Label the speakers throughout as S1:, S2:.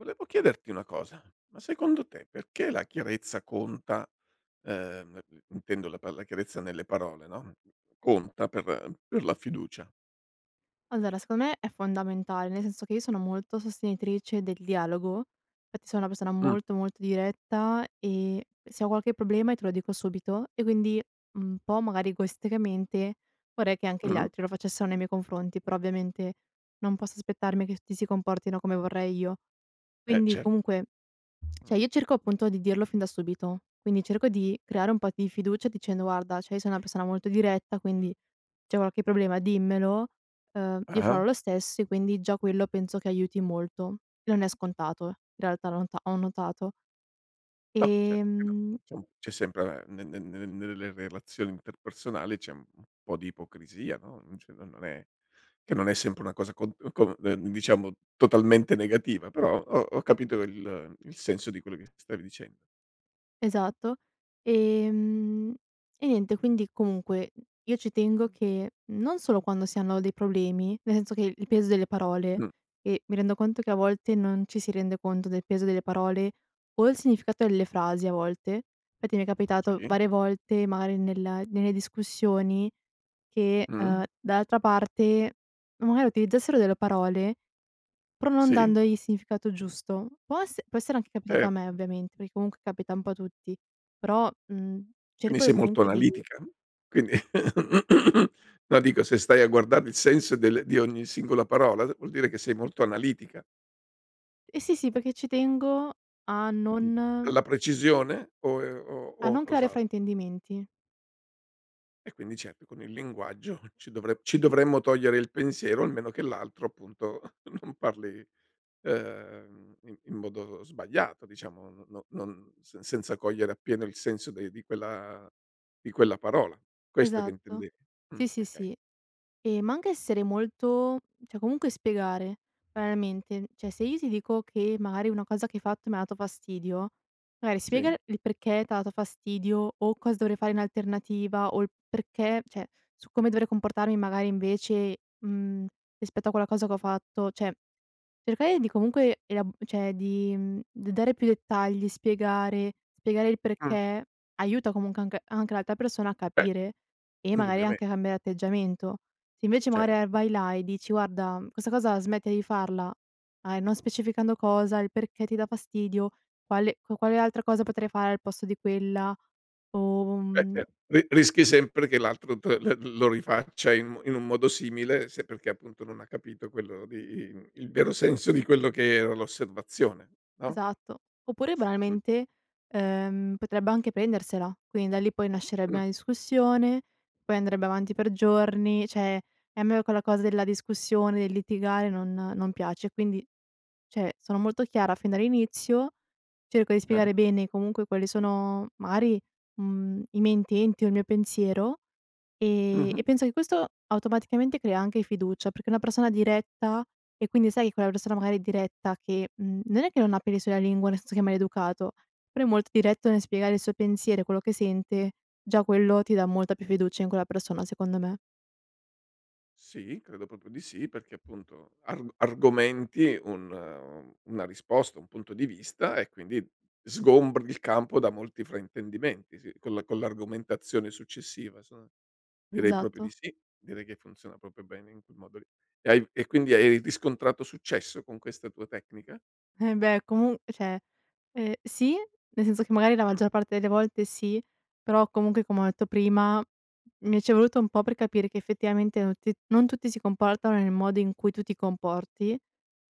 S1: Volevo chiederti una cosa: ma secondo te perché la chiarezza conta, uhm, [unintelligible] intendo la pa la chiarezza nelle parole, no, conta per per la fiducia?
S2: Allora, secondo me è fondamentale, nel senso che io sono sono molto sostenitrice del dialogo, fatti sono una persona
S1: Mh.
S2: molto molto diretta e se ho qualche problema e te lo dico subito, e quindi un po' magari egoisticamente vorrei che anche gli
S1: Mh-mh.
S2: altri lo facessero nei miei confronti, però ovviamente non posso aspettarmi che tutti si comportino come vorrei io.
S1: Eh,
S2: Quindi,
S1: cer
S2: comunque cioè,
S1: Mh.
S2: io cerco appunto di dirlo fin da subito, quindi cerco di creare un po' di fiducia dicendo: "Guarda, cioè io sono una persona molto diretta quindi, c'è qualche problema dimmelo, uhm, io
S1: Ah-ah.
S2: farò lo stesso" e quindi, già quello penso che aiuti molto. Non è scontato, in realtà l'ho ta ho notato.
S1: No, certo che no.
S2: Ehm
S1: Diciamo, c'è sempre a ehm, ne ne ne nelle relazioni interpersonali c'è un po' di ipocrisia, no, mhmm, cioè non non è che non è sempre una cosa con, uhm con, ehm, diciamo totalmente negativa però ho ho capito il il senso di quello che stavi dicen
S2: Esatto, ehm, e niente. Quindi, comunque, io ci tengo che non solo quando si hanno dei problemi, nel senso che il peso delle parole
S1: Mh.
S2: e mi rendo conto che a volte non ci si rende conto del peso delle parole o il significato delle frasi a volte, fatti mi è capitato
S1: Sì.
S2: varie volte, magari, nella nelle discussioni che,
S1: Mh.
S2: uhm, dall'altra parte magari utilizzassero delle parole, pro non
S1: Sì.
S2: dandogli il significato giusto. Po esse può essere anche capitato a
S1: Cer
S2: me ovviamente, perché comunque capita un po' a tutti però, mhmm,
S1: Quindi
S2: cerco e
S1: sei molto
S2: comunque di
S1: analitica? Quindi no dico, se stai a guardare il senso del di ogni singola parola vuol dire che sei molto analitica.
S2: Eh sì, sì, perché ci tengo a
S1: Mh,
S2: non
S1: la precisione? O è o
S2: a
S1: o
S2: non creare
S1: cos'altro?
S2: fraintendimenti.
S1: E quindi ceppi, con il linguaggio ci dovre ci dovremmo togliere il pensiero, almeno, che l'altro, appunto, non parli, uhm, in in modo sbagliato diciamo no no non se senza cogliere appieno il senso de di quella di quella parola, questo che
S2: Esatto.
S1: intendevi? Mh,
S2: Sì, sì,
S1: okay.
S2: sì. Ehm, ma anche essere molto cioè, comunque spiegare. Banalmente, n cioè, se io ti dico che magari una cosa che hai fatto mi ha dato fastidio, magari spiega
S1: Sì.
S2: il il perché t'ha dato fastidio o cosa dovrei fare in alternativa, o il perché cioè, su come dovrei comportarmi magari invece, mhmm, rispetto a quella cosa che ho fatto. Cioè, cercare di comunque ela cioè, di, mhmm, d dare più dettagli, spiegare spiegare il
S1: Mh.
S2: perché aiuta, comunque anche anche l'altra persona a
S1: [unintelligible]
S2: capire, e magari
S1: indubbiame
S2: anche a cambiare atteggiamento. Se invece magari, ehm,
S1: Certo.
S2: vai là e dici: "Guarda" mhmm, "questa cosa smettila di farla." A e non specificando cosa, il perché ti dà fastidio, quale qua quale altra cosa potrei fare al posto di quella? O
S1: Eh,
S2: mhmm
S1: ce ri rischi sempre che l'altro te l'el lo rifaccia in mo in un modo simile se perché, appunto, non ha capito quello di im il vero senso di quello che era l'osservazione, no?
S2: Esatto. Oppure
S1: Mh.
S2: banalmente, uhm, potrebbe anche prendersela. Quindi da lì poi nascerebbe
S1: Mh.
S2: una discussione, poi andrebbe avanti per giorni, cioè, e a me quella cosa della discussione, del litigare non non piace. E quindi, cioè, sono molto chiara fin dall'inizio, cerco di
S1: Ah-ah.
S2: spiegare bene comunque quali sono magari, mhmm, i miei intenti o il mio pensiero, ehm,
S1: Mh-mh.
S2: e penso che questo automaticamente crea anche fiducia, perché una persona diretta e quindi, sai, che quella persona magari è diretta che, mhmm, non è che non ha peli sulla lingua, nel senso che è maleducato, però è molto diretto nel spiegare il suo pensiero e quello che sente; già quello ti dà molta più fiducia in quella persona secondo me.
S1: Sì, credo proprio di sì, perché appunto arg argomenti un un una risposta, un punto di vista, e quindi sgombri il campo da molti fraintendimenti. Sì, con la con l'argomentazione successiva, son direi proprio di
S2: Esatto.
S1: sì, direi che funziona proprio bene in quel modo lì. E hai e quindi hai hai riscontrato successo con questa tua tecnica?
S2: Embeh, comu cioè, ehm, sì, nel senso che magari la
S1: Mh.
S2: maggior parte delle volte sì, però comunque, come ho detto prima, mi ci è voluto un po' per capire che effettivamente non ti non tutti si comportano nel modo in cui tu ti comporti,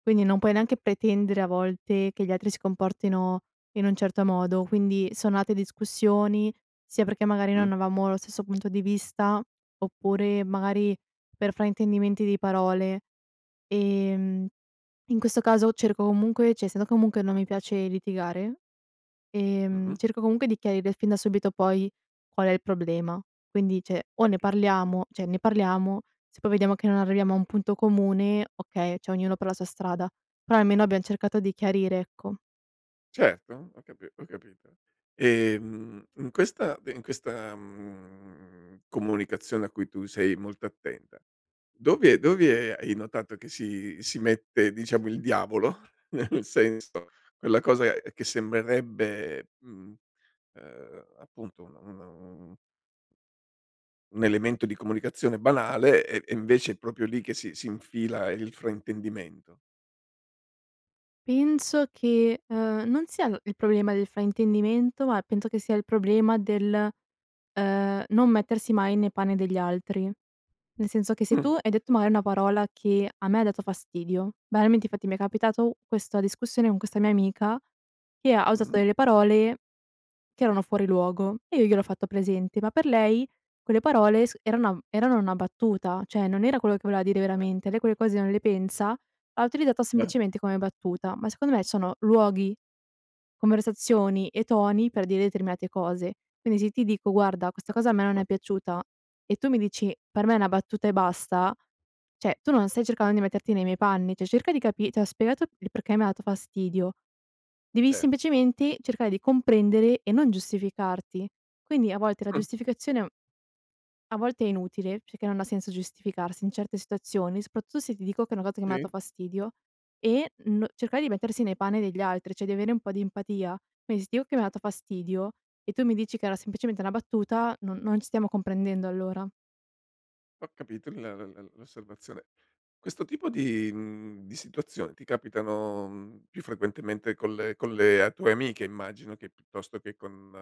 S2: quindi non puoi
S1: Beh,
S2: neanche pretendere a
S1: okay.
S2: volte che gli altri si comportino in un certo modo. Quindi sono nate discussioni, sia perché magari non
S1: Mh.
S2: avevamo lo stesso punto di vista, oppure magari per fraintendimenti di parole. Ehm. In questo caso cerco comunque, cioè, essendo comunque non mi piace litigare, ehm,
S1: Mh-mh.
S2: cerco comunque di chiarire fin da subito poi qual è il problema. Quindi, cioè, o ne
S1: Okay.
S2: parliamo cioè, ne parliamo; se poi vediamo che non arriviamo a un punto comune, okay, cioè, ognuno per la sua strada. Però almeno abbiamo cercato di chiarire, ecco.
S1: Certo, ho capi ho capito. Ehm, mhmm, n questa de in questa, mhmm, comunicazione a cui tu sei molto attenta, dove dove hai notato che si si mette diciamo il diavolo, nel senso quella cosa che sembrerebbe mhmm, uhm, appunto una un un elemento di comunicazione banale e e invece è proprio lì che si si infila il fraintendimento.
S2: Penso che, ehm, non sia il problema del fraintendimento ma penso che sia il problema del, uhm, non mettersi mai nei panni degli altri. Nel senso che se tu
S1: Mh.
S2: hai detto, mari, una parola che a me ha dato fastidio banalmente infatti mi è capitato questa discussione con questa mia amica che ha ha usato
S1: Mh.
S2: delle parole che erano fuori luogo e io gliel'ho fatto presente, ma per lei, quelle parole s eranam erano una battuta, cioè non era quello che voleva dire veramente, lei
S1: [unintelligible]
S2: quelle cose non le pensa, l'ha utilizzata
S1: Ah.
S2: semplicemente come battuta, ma secondo me sono luoghi, conversazioni e toni per dire determinate cose. Quindi se ti dico: "Guarda questa
S1: Ah,
S2: cosa a me non è
S1: okay.
S2: piaciuta;" e tu mi dici: "Per me è una battuta e basta;" cioè tu non stai cercando di metterti nei miei panni, cioè cerca di capi t'ho spiegato il perché mi ha dato fastidio, devi
S1: Ce
S2: semplicemente cercare di comprendere e non giustificarti. Quindi a volte la
S1: Mh.
S2: giustificazione, mhmm a volte è inutile perché non ha senso giustificarsi in certe situazioni, soprattutto se ti dico che è una cosa che m'ha dato
S1: Sì.
S2: fastidio e n cercare di mettersi nei panni degli altri, cioè di avere un po' di empatia. Qui s ti o che m'ha dato fastidio e tu mi dici che era semplicemente una battuta, non non ci stiamo comprendendo allora.
S1: Ho capito l la la l'osservazione. Questo tipo di mhmm, di situazioni ti capitano, mhmm, più frequentemente con le con le a tue amiche immagino, che piuttosto che con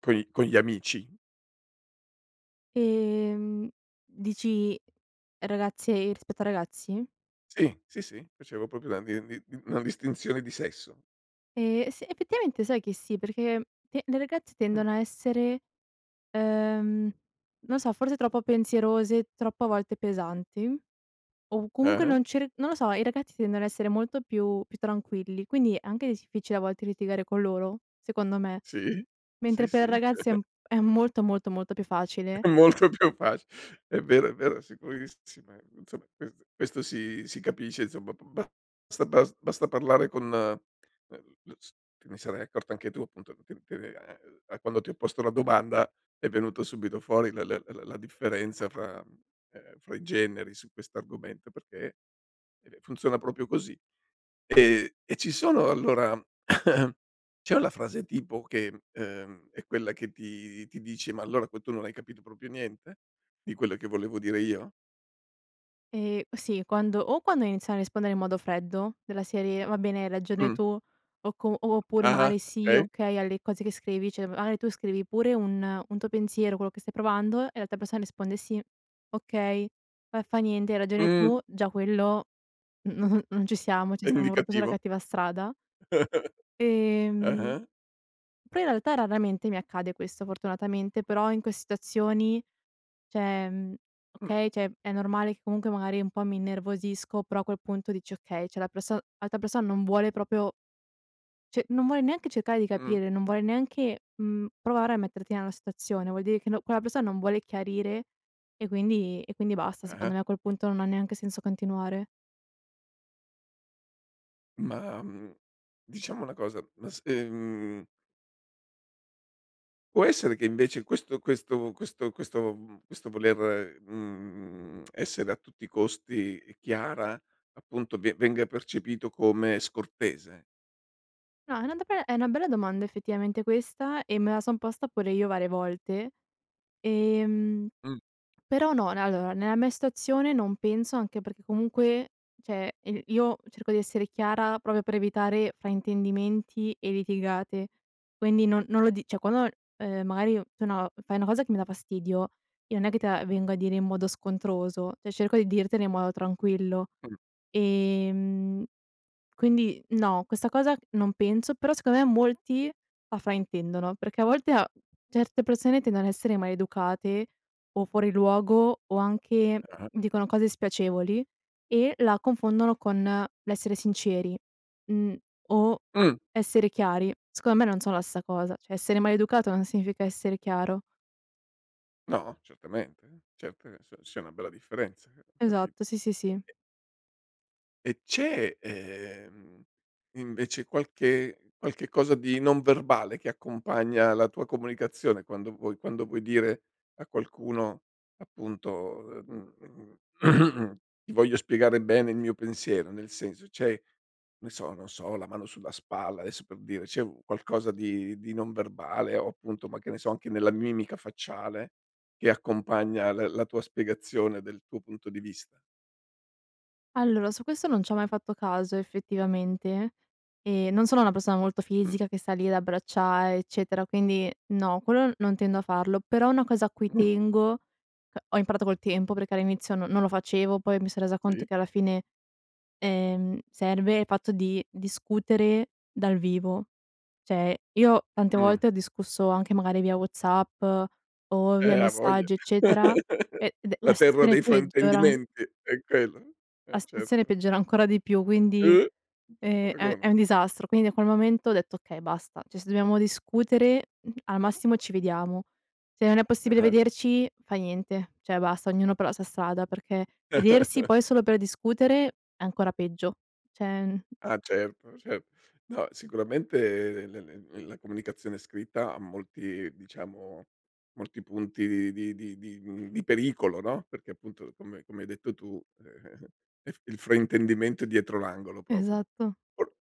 S1: coi con gli amici?
S2: Ehm, dici, ragazze rispetto ai ragazzi?
S1: Sì, sì, sì, facevo proprio la din di di una distinzione di sesso.
S2: Ehm, s effettivamente sai che sì, perché, ehm, le le ragazze
S1: Mh.
S2: tendono a essere, ehm, non so, forse troppo pensierose, troppo a volte pesanti, o comunque
S1: Eh-eh.
S2: non cer non lo so, i ragazzi tendono a essere molto più più tranquilli, quindi è anche difficile a volte litigare con loro, secondo me.
S1: Sì? Sì,
S2: Mentre
S1: sì.
S2: per ragazze è m è molto, molto, molto più facile.
S1: Molto più faci È vero, è vero, sicurissime, insomma, questo questo si si capisce, insomma. Ba ba [unintelligible] basta parlare con el s te ne sarai accorto anche tu, appunto, che che, ehm, quando ti ho posto la domanda è venuto subito fuori la la la la differenza fra, ehm fra i generi su questo argomento, perché, ehm, funziona proprio così. Ehm, e ci sono allora c'è una frase tipo che, ehm, è quella che ti ti dici: “Ma allora poi tu non hai capito proprio niente di quello che volevo dire io?”
S2: Ehm, sì, quando o quando iniziano a rispondere in modo freddo, della serie: "Va bene hai ragione
S1: Mh.
S2: tu", o com oppure
S1: Ah ah.
S2: magari: "Sì,
S1: Okay.
S2: okay" alle cose che scrivi, cioè magari tu scrivi pure un un tuo pensiero, quello che stai provando e l'altra persona risponde: "Sì, okay, fa fa niente, hai ragione
S1: Mh.
S2: tu", già quello, n n non ci siamo, cioè
S1: È
S2: stiamo proprio sulla
S1: indicativo?
S2: cattiva strada. Ehm.
S1: Ah-ah.
S2: Però in realtà raramente mi accade questo, fortunatamente, però in que situazioni, cioè, mhmm
S1: Mh.
S2: okay, cioè, è normale che comunque magari un po' mi innervosisco, però a quel punto dici: “Okay, cioè, la perso l'altra persona non vuole proprio" "cioè, non vuole neanche cercare di
S1: Mh.
S2: capire, non vuole neanche, mhmm, provare a metterti nella situazione. Vuol dire che no quella persona non vuole chiarire", e quindi e quindi basta,
S1: Eh-eh.
S2: secondo me a quel punto non ha neanche senso continuare.
S1: Ma, mhmm, diciamo una cosa: ma se, mhmm può essere che invece questo questo questo questo, mhmm questo voler, mhmm, essere a tutti i costi chiara, appunto, ve venga percepito come scortese?
S2: No, è una do beh, è una bella domanda effettivamente questa, e me la son posta pure io varie volte, ehm,
S1: Mh.
S2: però no. Ne allora, nella mia situazione non penso, anche perché comunque, cioè, i io cerco di essere chiara proprio per evitare fraintendimenti e litigate, quindi non non lo dic cioè, quando ho l ehm, magari o tu, no, f fai una cosa che mi dà fastidio, io non è che te la vengo a dire in modo scontroso, cioè cerco di dirtela in modo tranquillo.
S1: Mh.
S2: Ehm. Quindi no, questa cosa non penso, però secondo me molti la fraintendono, perché a volte a certe persone tendono a essere maleducate o fuori luogo, o anche
S1: Ah-ah.
S2: dicono cose spiacevoli e la confondono con l'essere sinceri, mhmm, o
S1: Mh.
S2: essere chiari. Secondo me non sono la stessa cosa, cioè essere maleducato non significa essere chiaro.
S1: No, certamente. Certo che s sia una bella differenza, eh ho capito.
S2: Esatto, sì, sì, sì.
S1: E E c'è, ehm, invece qualche qualche cosa di non verbale che accompagna la tua comunicazione quando vuoi quando vuoi dire a qualcuno appunto, ehm, mhmm, ti voglio spiegare bene il mio pensiero? Nel senso c'è, ne so non so, la mano sulla spalla, adesso, per dire c'è u qualcosa di di non verbale, o appunto, ma che ne so, anche nella mimica facciale che accompagna l la tua spiegazione del tuo punto di vista?
S2: Allora su questo non c'ho mai fatto caso effettivamente. Ehm, non sono una persona molto
S1: Mh.
S2: fisica che sta lì ad abbracciare, eccetera, quindi no, quello non tendo a farlo però una cosa a cui
S1: Mh.
S2: tengo uhm, ho imparato col tempo perché all'inizio no non lo facevo, poi mi son resa conto
S1: Sì.
S2: che alla fine, ehm, serve il fatto di discutere dal vivo. Cioè, io tante
S1: Mh.
S2: volte ho discusso anche magari via WhatsApp o via
S1: Eh a voglia,
S2: messaggi eccetera, e ed è
S1: la
S2: la
S1: terra
S2: stazione
S1: dei
S2: peggiora an
S1: fraintendimenti, è quello,
S2: la
S1: eh
S2: stazione
S1: certo.
S2: peggiora ancora di più, quindi,
S1: Uh! N c'è
S2: ehm, è è
S1: paragone.
S2: un disastro. Quindi a quel momento ho detto: okay basta, cioè se dobbiamo discutere al massimo ci vediamo. Se non è possibile
S1: Ah-ah.
S2: vederci fa niente. Cioè basta, ognuno però la sua strada, perché vedersi poi solo per discutere è ancora peggio cioè, mhmm
S1: Ah certo, cer no sicuramente l l l la comunicazione scritta ha molti diciamo, molti punti di di di mhmm, di pericolo no, perché appunto come come hai detto tu, ehm, ef il fraintendimento è dietro l'angolo proprio.
S2: Esatto.
S1: Or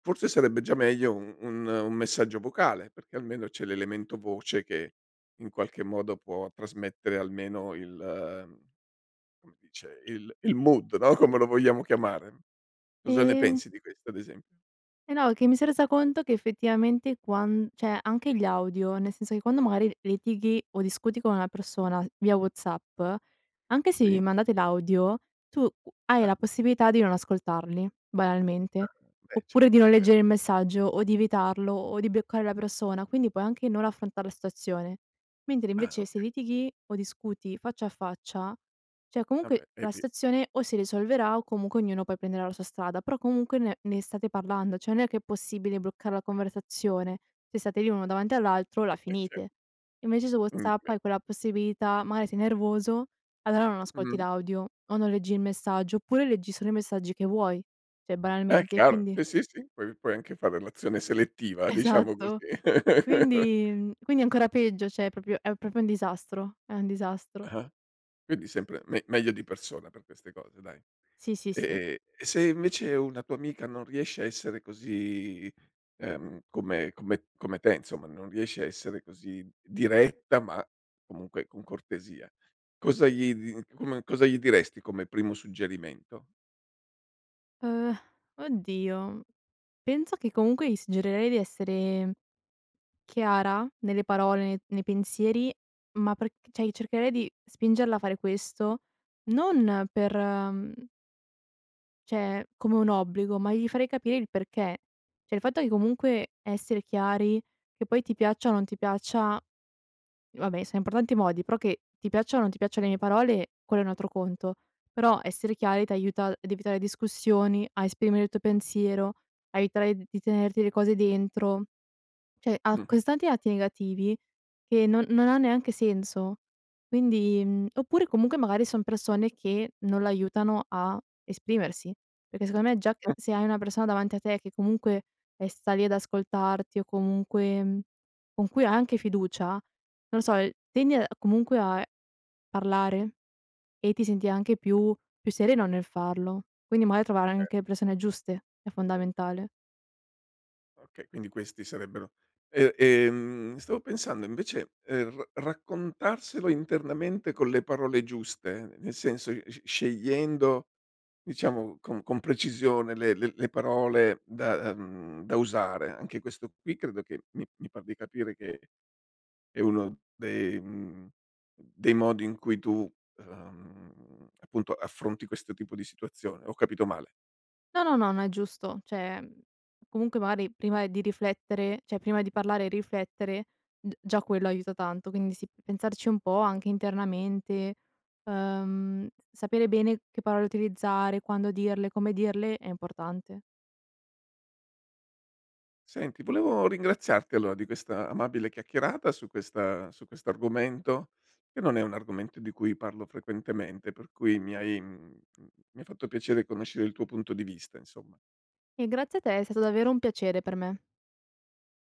S1: forse sarebbe già meglio u un un messaggio vocale, perché almeno c'è l'elemento voce che in qualche modo può trasmettere almeno il, mhmm, come dice, il il mood no, come lo vogliamo chiamare? Cosa ne
S2: Ehm
S1: pensi di questo ad esempio?
S2: Eh no, è che mi son resa conto che effettivamente quan cioè anche gli audio, nel senso che quando, mari, litighi o discuti con una persona via WhatsApp, anche se vi
S1: Sì.
S2: mandate l'audio, tu hai
S1: Ah.
S2: la possibilità di non ascoltarli,
S1: Ah,
S2: banalmente,
S1: beh
S2: oppure di
S1: certo è
S2: non
S1: ve
S2: leggere il messaggio o di evitarlo o di bloccare la persona, quindi puoi anche non affrontar la stazione. Mentre,
S1: Ah
S2: invece, se
S1: okay.
S2: litighi o discuti faccia a faccia, cioè
S1: Ah
S2: comunque
S1: beh, eh
S2: la
S1: beh.
S2: stazione o si risolverà o comunque ognuno poi prenderà la sua strada, però comunque ne ne state parlando, cioè non è che è possibile bloccar la conversazione, se state lì uno davanti all'altro la
S1: Eh ce
S2: finite. Invece su WhatsApp
S1: [unintelligible]
S2: hai quella possibilità, mari sei nervoso, allora non ascolti
S1: Mh.
S2: l'audio o non leggi il messaggio oppure leggi solo i messaggi che vuoi, cioè,
S1: Eh
S2: banalmente, e
S1: chiaro.
S2: quindi
S1: Sì, sì, sì puoi puoi anche fa relazione selettiva, diciamo
S2: Esatto.
S1: così.
S2: Quindi, mhmm, quindi è ancora peggio, cioè è propio è proprio un disastro, è un disastro.
S1: Ah-ah. Quindi sempre me meglio di persona per queste cose dai.
S2: Sì, sì, sì.
S1: Ehm, e se invece una tua amica non riesce a essere così, ehm, come come come te insomma, non riesce a essere così diretta ma comunque con cortesia, cosa gli di come cosa gli diresti come primo suggerimento?
S2: Uhm, oddio, penso che comunque gli suggerirei di essere chiara nelle parole, ne nei pensieri, ma perch cioè, i cercherei di spingerla a fare questo non per, mhmm cioè, come un obbligo, ma gli farei capire il perché. Cioè, il fatto che comunque essere chiari, che poi ti piaccia o non ti piaccia, vabbè, siam parlanti di modi, però, che ti piacciano o non ti piacciano le mie parole quello è un altro conto. Però essere chiari ti aiuta a evitare discussioni, a esprimere il tuo pensiero, a evitare di tenerti le cose dentro, cioè ha
S1: Mh-mh.
S2: così tanti lati negativi che non non ha neanche senso. Quindi, oppure comunque magari son persone che non l'aiutano a esprimersi, perché secondo me già
S1: Mh.
S2: se hai una persona davanti a te che comunque, eh, sta lì ad ascoltarti o comunque con cui hai anche fiducia, non lo so, tendi comunque a parlare e ti senti anche più più sereno nel farlo. Quindi magari trovare
S1: E
S2: anche persone giuste è fondamentale.
S1: Oka quindi questi sarebbero, e, ehm, stavo pensando invece, ehm, r raccontarselo internamente con le parole giuste nel senso sce scegliendo diciamo, con con precisione le le le parole da, mhmm, da usare. Anche questo qui credo che mi mi par di capire che è uno dei, mhmm, dei modi in cui tu, ehm, appunto affronti questo tipo di situazione. Ho capito male?
S2: No, no, no, no, è giusto. Cioè, ehm, comunque magari prima di riflettere, cioè prima di parlare e riflettere d già quello aiuta tanto. Quindi sì, pensarci un po' anche internamente. Ehm, sapere bene che parole utilizzare, quando dirle, come dirle è importante.
S1: Senti volevo ringraziarti allora di questa amabile chiacchierata su questa su questo argomento, che non è un argomento di cui parlo frequentemente per cui mi hai, mhmm, mi ha fatto piacere conoscere il tuo punto di vista insomma.
S2: E grazie a te, è stato davvero un piacere per me.